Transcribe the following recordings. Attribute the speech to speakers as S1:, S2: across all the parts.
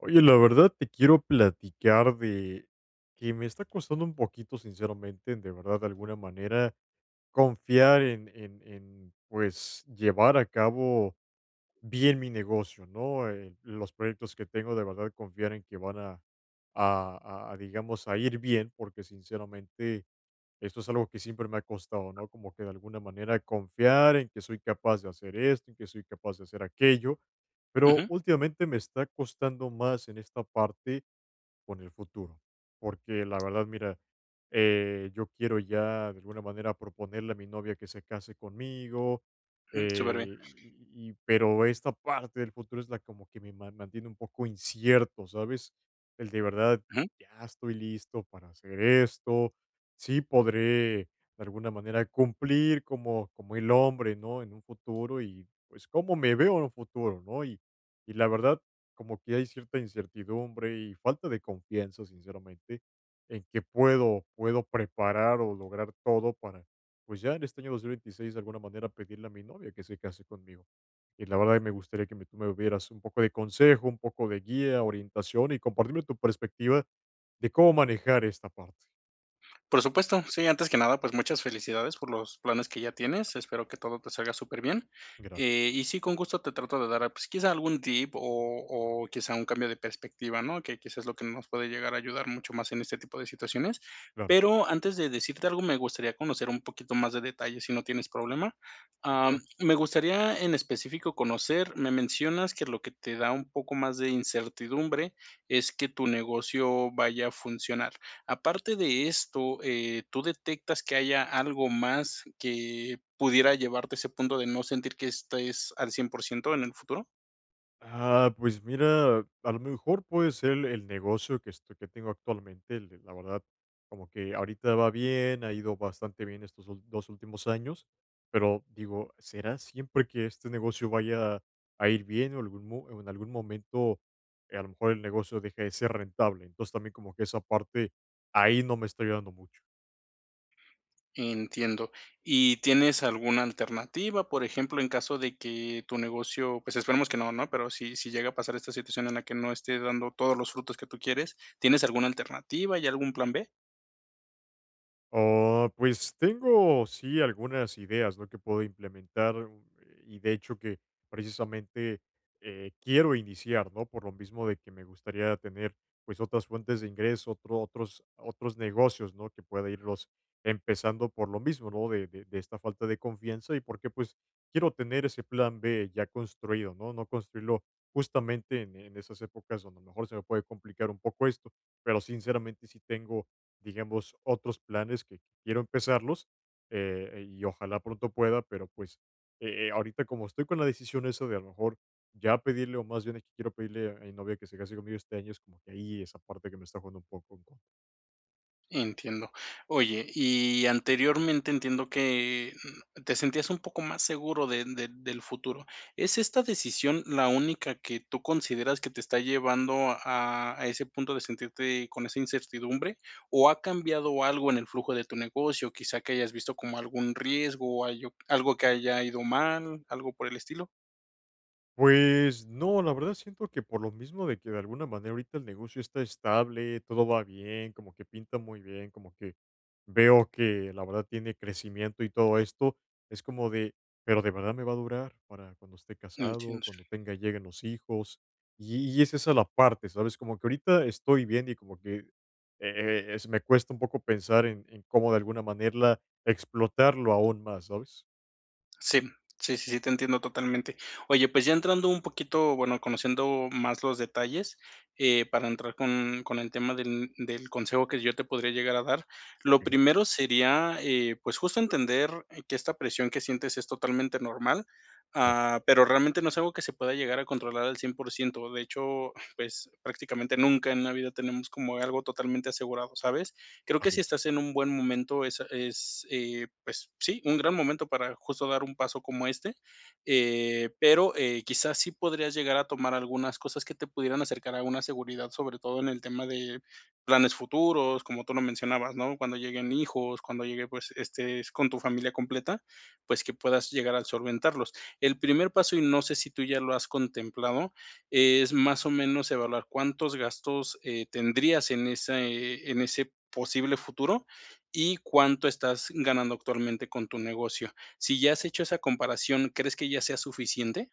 S1: Oye, la verdad, te quiero platicar de que me está costando un poquito sinceramente, de verdad, de alguna manera confiar en en en, pues, llevar a cabo bien mi negocio, ¿no?, en los proyectos que tengo de verdad confiar en que van a a a a, digamos a ir bien, porque sinceramente, esto es algo que siempre me ha costado, ¿no?, como que de alguna manera confiar en que soy capaz de hacer esto, en que soy capaz de hacer aquello. Pero,
S2: Ujú.
S1: últimamente me está costando más en esta parte con el futuro, porque la verdad, mira, eh, yo quiero ya de alguna manera proponerle a mi novia que se case conmigo.
S2: Ujú, superbién.
S1: Eh, y pero, esta parte del futuro es la como que me mantiene un poco incierto, ¿sabes? ¿El de verdad
S2: Ujú.
S1: ya estoy listo para hacer esto?, sí podré de alguna manera cumplir como como el hombre, ¿no?, en un futuro, y pues, cómo me veo en un futuro, ¿no?, y y la verdad, como que hay cierta incertidumbre y falta de confianza, sinceramente, en que puedo puedo preparar o lograr todo para, pues, ya en este año 2026 de alguna manera pedirle a mi novia que se case conmigo. Y la verdad que me gustaría que tú me dieras un poco de consejo, un poco de guía, orientación y compartirme tu perspectiva de cómo manejar esta parte.
S2: Por supuesto, sí, antes que nada, pues muchas felicidades por los planes que ya tienes, espero que todo te salga superbien. Eh
S1: Gracias.
S2: y sí, con gusto te trato de dar, pues, quizá algún tip o o quizá un cambio de perspectiva, ¿no? Que quizás es lo que nos puede llegar a ayudar mucho más en este tipo de situaciones.
S1: Claro.
S2: Pero, antes de decirte algo, me gustaría conocer un poquito más de detalle, si no tienes problema. Am,
S1: [unintelligible]
S2: me gustaría en específico conocer Me mencionas que lo que te da un poco más de incertidumbre es que tu negocio vaya a funcionar. Aparte de esto, eh, ¿tú detectas que haya algo más que pudiera llevarte a ese punto de no sentir que estés al cien por ciento en el futuro?
S1: Ah, pues mira, a lo mejor puede ser el el negocio que esto que tengo actualmente el la verdad, como que ahorita va bien, ha ido bastante bien estos ul 2 últimos años, pero digo: "¿Será siempre que este negocio vaya a ir bien, o algún mo en algún momento, a lo mejor el negocio deje de ser rentable?". Entonces, también como que esa parte ahí no me está ayudando mucho.
S2: Entiendo. ¿Y tienes alguna alternativa?, por ejemplo, en caso de que tu negocio, pues esperemos que no, ¿no?, pero sí sí llega a pasar esta situación en la que no esté dando todos los frutos que tú quieres, ¿tienes alguna alternativa? ¿Hay algún plan B?
S1: Oh, pues tengo sí algunas ideas, ¿no?, que puedo implementar, eh, y de hecho que precisamente, eh, quiero iniciar, ¿no? Por lo mismo de que me gustaría tener, pues, otras fuentes de ingreso, otro otros otros negocios, ¿no? Que pueda irlos empezando, por lo mismo, ¿no? De de de esta falta de confianza, y porque, pues, quiero tener ese plan B ya construido, ¿no? No construirlo justamente en en esas épocas donde a lo mejor se me puede complicar un poco esto. Pero, sinceramente, sí tengo, digamos, otros planes que quiero empezarlos, eh, y ojalá pronto pueda, pero pues, eh eh, ahorita como estoy con la decisión esa de a lo mejor ya pedirle, o más bien es que quiero pedirle a mi novia que se case conmigo este año, es como que ahí esa parte que me está jugando un poco en contra.
S2: Entiendo. Oye, y anteriormente entiendo que, mm, te sentías un poco más seguro de de del futuro. ¿Es esta decisión la única que tú consideras que te está llevando a a ese punto de sentirte con esa incertidumbre, o ha cambiado algo en el flujo de tu negocio, quizá que hayas visto como algún riesgo o ayo algo que haya ido mal, algo por el estilo?
S1: Pues no, la verdad, siento que por lo mismo de que de alguna manera ahorita el negocio está estable. Todo va bien, como que pinta muy bien, como que veo que, la verdad, tiene crecimiento y todo esto. Es como de, pero, ¿de verdad me va a durar para cuando esté casado,
S2: Entiendo.
S1: cuando tenga lleguen los hijos?, y y es esa la parte, ¿sabes?, como que ahorita estoy viendo, y como que, eh eh, es me cuesta un poco pensar en en, cómo de alguna manera, explotarlo aún más, ¿sabes?
S2: Sí. Sí, sí, sí, te entiendo totalmente. Oye, pues, ya entrando un poquito, bueno, conociendo más los detalles, eh, para entrar con con el tema del del consejo, que yo te podría llegar a dar. Lo
S1: Okey.
S2: primero sería, eh, pues, justo entender que esta presión que sientes es totalmente normal.
S1: Ya.
S2: Ah, pero realmente, no es algo que se pueda llegar a controlar al cien por ciento. De hecho, pues, prácticamente nunca en la vida tenemos como algo totalmente asegurado, ¿sabes?, creo que
S1: Así
S2: si
S1: es.
S2: estás en un buen momento, es es, eh, pues, sí, un gran momento para justo dar un paso como este. Eh, pero, eh, quizás, sí podrías llegar a tomar algunas cosas que te pudieran acercar a una seguridad, sobre todo en el tema de planes futuros, como tú lo mencionabas, ¿no?, cuando lleguen hijos, cuando llegue, pues, estés con tu familia completa, pues, que puedas llegar a solventarlos. El primer paso, y no sé si tú ya lo has contemplado, es más o menos evaluar cuántos gastos, eh, tendrías en ese en ese posible futuro, y cuánto estás ganando actualmente, con tu negocio. Sí ya has hecho esa comparación, ¿crees que ya sea suficiente?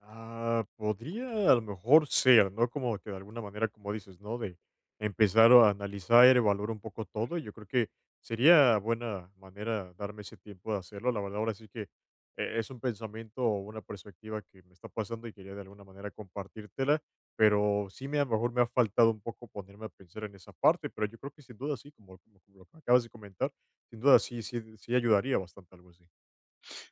S1: Ah, podría a lo mejor ser, ¿no?, como que de alguna manera, como dices, ¿no?, de empezar o analizar, e evaluar un poco todo. Yo creo que sería buena manera darme ese tiempo de hacerlo. La verdad, ahora sí que e es un pensamiento o una perspectiva que me está pasando, y quería de alguna manera compartírtela, pero sí me a lo mejor me ha faltado un poco ponerme a pensar en esa parte, pero yo creo que sin duda, sí, como como como lo que acabas de comentar, sin duda, sí, sí, sí, ayudaría bastante, algo así.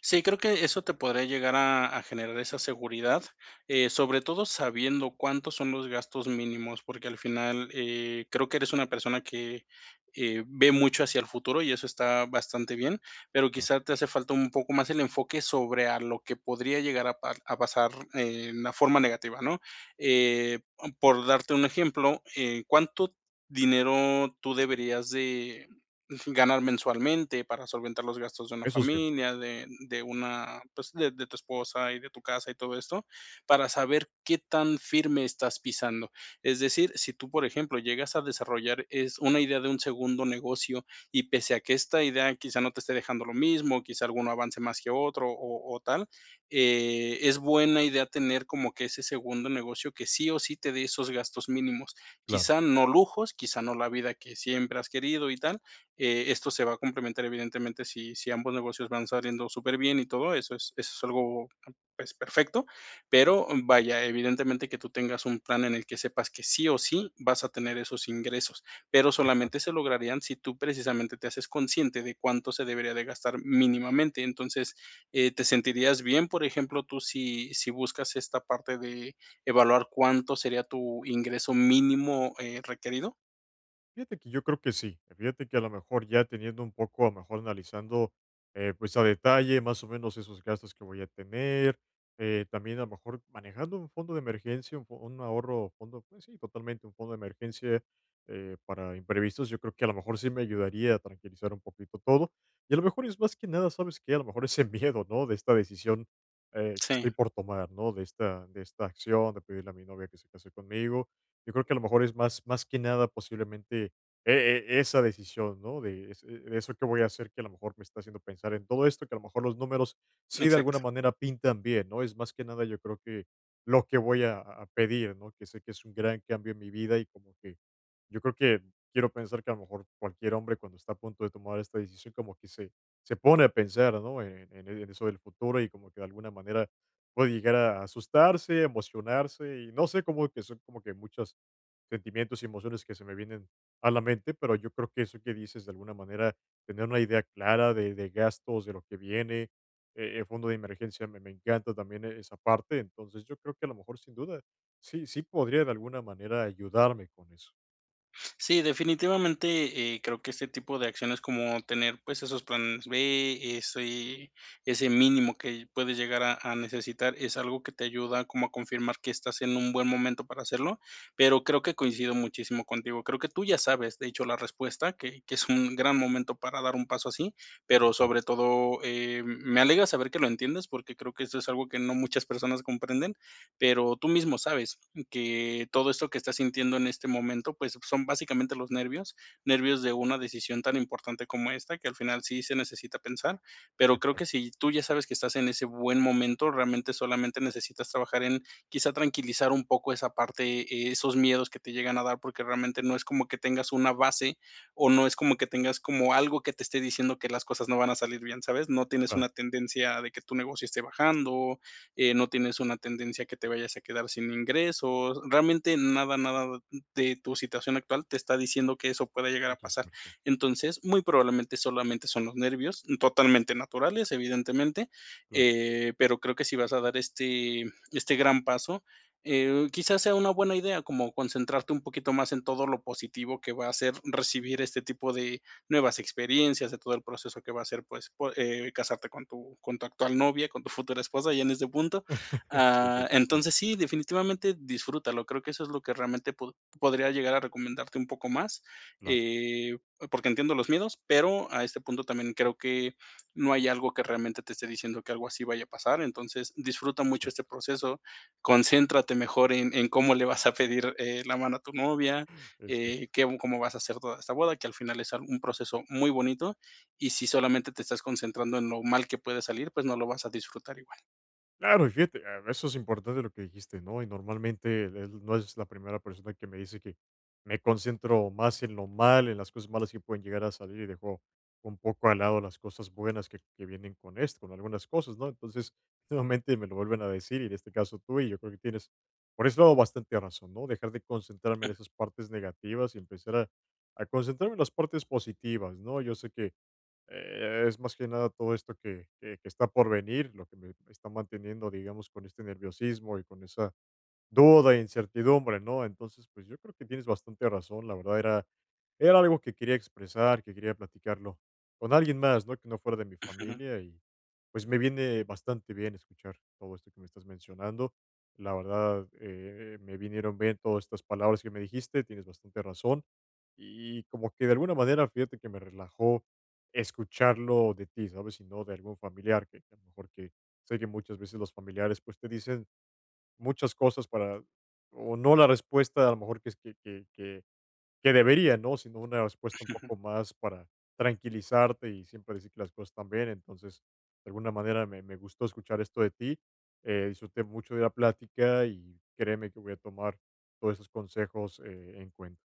S2: Sí, creo que eso te podría llegar a a generar esa seguridad, eh, sobre todo sabiendo cuántos son los gastos mínimos, porque al final, eh, creo que eres una persona que, eh, ve mucho hacia el futuro y eso está bastante bien, pero
S1: Claro.
S2: quizás te hace falta un poco más el enfoque sobre a lo que podría llegar a par a pasar en una forma negativa, ¿no?, eh, o mm por darte un ejemplo, eh, cuánto dinero tú deberías de ujú, ganar mensualmente para solventar los gastos de una
S1: Eso es cierto.
S2: familia de de una pues, de de tu esposa, y de tu casa, y todo esto para saber qué tan firme estás pisando. Es decir, sí tú, por ejemplo, llegas a desarrollar es una idea de un segundo negocio y, pese a que esta idea quizá no te esté dejando lo mismo, quizá alguno avance más que otro, o o tal, eh, es buena idea tener como que ese segundo negocio que sí o sí te dé esos gastos mínimos.
S1: Claro.
S2: Quizá no lujos, quizá no la vida que siempre has querido y tal, eh, esto se va a complementar evidentemente sí sí ambos negocios van saliendo superbién y todo eso. Es eso es algo es perfecto, pero, vaya, evidentemente que tú tengas un plan en el que sepas que sí o sí vas a tener esos ingresos, pero
S1: Exacto.
S2: solamente se lograrían si tú precisamente te haces consciente de cuánto se debería de gastar mínimamente. Entonces, eh, ¿te sentirías bien, por ejemplo, tú, sí sí buscas esta parte de evaluar cuánto sería tu ingreso mínimo, eh, requerido?
S1: Fíjate que yo creo que sí. Y fíjate que a lo mejor ya teniendo un poco a lo mejor analizando, eh, pues a detalle más o menos esos gastos que voy a tener, eh, también a lo mejor, manejando un fondo de emergencia, un fo un ahorro, fondo pues sí, totalmente un fondo de emergencia, eh, para imprevistos, yo creo que a lo mejor sí me ayudaría a tranquilizar un poquito todo. Y a lo mejor es más que nada, ¿sabes qué? A lo mejor ese miedo, ¿no? De esta decisión, eh, que
S2: Sí.
S1: estoy por tomar, ¿no? De esta de esta acción de pedirle a mi novia que se case conmigo. Yo creo que a lo mejor es más más que nada posiblemente e e esa decisión, ¿no? De es eh eso que voy a hacer que a lo mejor me está haciendo pensar en todo esto, que a lo mejor los números, si de alguna
S2: Exacto.
S1: manera pintan bien, ¿no? Es más que nada yo creo que, lo que voy a a pedir, ¿no? Que sé que es un gran cambio en mi vida y como que yo creo que, quiero pensar, que a lo mejor cualquier hombre cuando está a punto de tomar esta decisión como que se se pone a pensar, ¿no? En e en eso del futuro y como que de alguna manera puede llegar a asustarse, emocionarse, y no sé, como que son como que muchos, sentimientos y emociones que se me vienen a la mente, pero yo creo que eso que dices de alguna manera, tener una idea clara de de gastos, de lo que viene, eh e fondo de emergencia, me me encanta también e esa parte. Entonces yo creo que a lo mejor, sin duda, sí, sí podría de alguna manera ayudarme con eso.
S2: Sí, definitivamente, eh, creo que este tipo de acciones como tener, pues esos planes B, ese ese mínimo que puedes llegar a a necesitar, es algo que te ayuda como a confirmar que estás en un buen momento para hacerlo, pero creo que coincido muchísimo contigo. Creo que tú ya sabes, de hecho, la respuesta que que es un gran momento para dar un paso así, pero
S1: Ya.
S2: sobre todo, em, me alegra saber que lo entiendes porque creo que eso es algo que no muchas personas comprenden. Pero tú mismo sabes, mm, que todo esto que estás sintiendo en este momento, pues son básicamente los nervios, nervios de una decisión tan importante como esta, que al final sí se necesita pensar. Pero creo
S1: Exac
S2: que si tú ya sabes que estás en ese buen momento, realmente solamente necesitas trabajar en quizá tranquilizar un poco esa parte, eh, esos miedos que te llegan a dar porque realmente no es como que tengas una base, o no es como que tengas como algo que te esté diciendo que las cosas no van a salir bien, ¿sabes? No tienes
S1: Claro.
S2: una tendencia de que tu negocio esté bajando, eh, no tienes una tendencia que te vayas a quedar sin ingresos, realmente nada, nada, mm de tu situación actual te está diciendo que eso pueda llegar a
S1: Eso es
S2: pasar.
S1: cierto.
S2: Entonces, muy probablemente, solamente son los nervios, totalmente naturales, evidentemente,
S1: Cla
S2: eh, pero creo que si vas a dar este este gran paso, eh, quizás sea una buena idea como concentrarte un poquito más en todo lo positivo que va a ser recibir este tipo de nuevas experiencias, de todo el proceso que va a ser, pues po eh, casarte con tu con tu actual novia, con tu futura esposa ya en este punto.
S1: Sí,
S2: Ah,
S1: totalmen
S2: entonces sí, definitivamente disfrútalo. Creo que eso es lo que realmente pod podría llegar a recomendarte un poco más,
S1: Cla
S2: eh, a porque entiendo los miedos, pero a este punto también creo que no hay algo que realmente te esté diciendo que algo así vaya a pasar. Entonces, disfruta
S1: Muy
S2: mucho
S1: cierto.
S2: este proceso, concéntrate mejor en en cómo le vas a pedir, eh, la mano a tu novia,
S1: Es cierto.
S2: eh, qué cómo vas a hacer toda esta boda, que al final es al un proceso muy bonito y si solamente te estás concentrando en lo mal que puede salir, pues no lo vas a disfrutar igual.
S1: Claro, y fíjate. Ah, eso es importante, lo que dijiste, ¿no? Y normalmente, del No eres la primera persona que me dice que me concentro más en lo mal, en las cosas malas que pueden llegar a salir, y dejo un poco al lado las cosas buenas que que vienen con esto, con algunas cosas, ¿no? Entonces, nuevamente me lo vuelven a decir, y en este caso tú, y yo creo que tienes por ese lado bastante razón, ¿no? Dejar de concentrarme en esas partes negativas y empezar a a concentrarme en las partes positivas, ¿no? Yo sé que, eh, es más que nada todo esto que que que está por venir, lo que me me está manteniendo, digamos, con este nerviosismo y con esa duda e incertidumbre, ¿no? Entonces, pues, yo creo que tienes bastante razón. La verdad, era era algo que quería expresar, que quería platicarlo con alguien más, ¿no?, que no fuera de mi
S2: Ujú.
S1: familia, y pues me viene bastante bien escuchar todo esto que me estás mencionando. La verdad, eh eh, me vinieron bien todas estas palabras que me dijiste. Tienes bastante razón y como que de alguna manera, fíjate que me relajó escucharlo de ti, ¿sabes?, y no de algún familiar que a lo mejor que Sé que muchas veces los familiares, pues te dicen muchas cosas para o no la respuesta a lo mejor que es que que que que debería, ¿no?, sino una respuesta un poco más para tranquilizarte, y siempre decir que las cosas están bien. Entonces, de alguna manera me me gustó escuchar esto de ti, eh, disfruté mucho de la plática, y créeme que voy a tomar todos esos consejos, eh, en cuenta.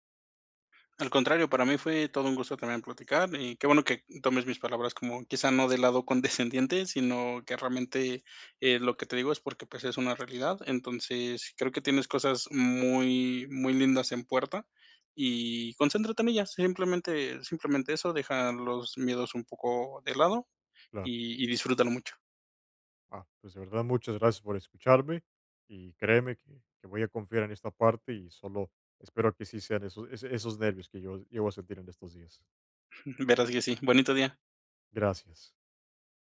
S2: Al contrario, para mí fue todo un gusto también platicar. Y qué bueno que tomes mis palabras como, quizá no de lado condescendiente, sino que realmente, eh, lo que te digo es porque pues es una realidad. Entonces, creo que tienes cosas muy muy lindas en puerta, y concéntrate en ellas, simplemente simplemente eso. Deja los miedos un poco de lado
S1: Claro.
S2: y y disfrútalo mucho.
S1: Ah, pues de verdad, muchas gracias por escucharme y créeme que que voy a confiar en esta parte, y solo espero que sí sean eso ese esos nervios que yo llego a sentir en estos días.
S2: Ujú. Verás que sí. Bonito día.
S1: Gracias.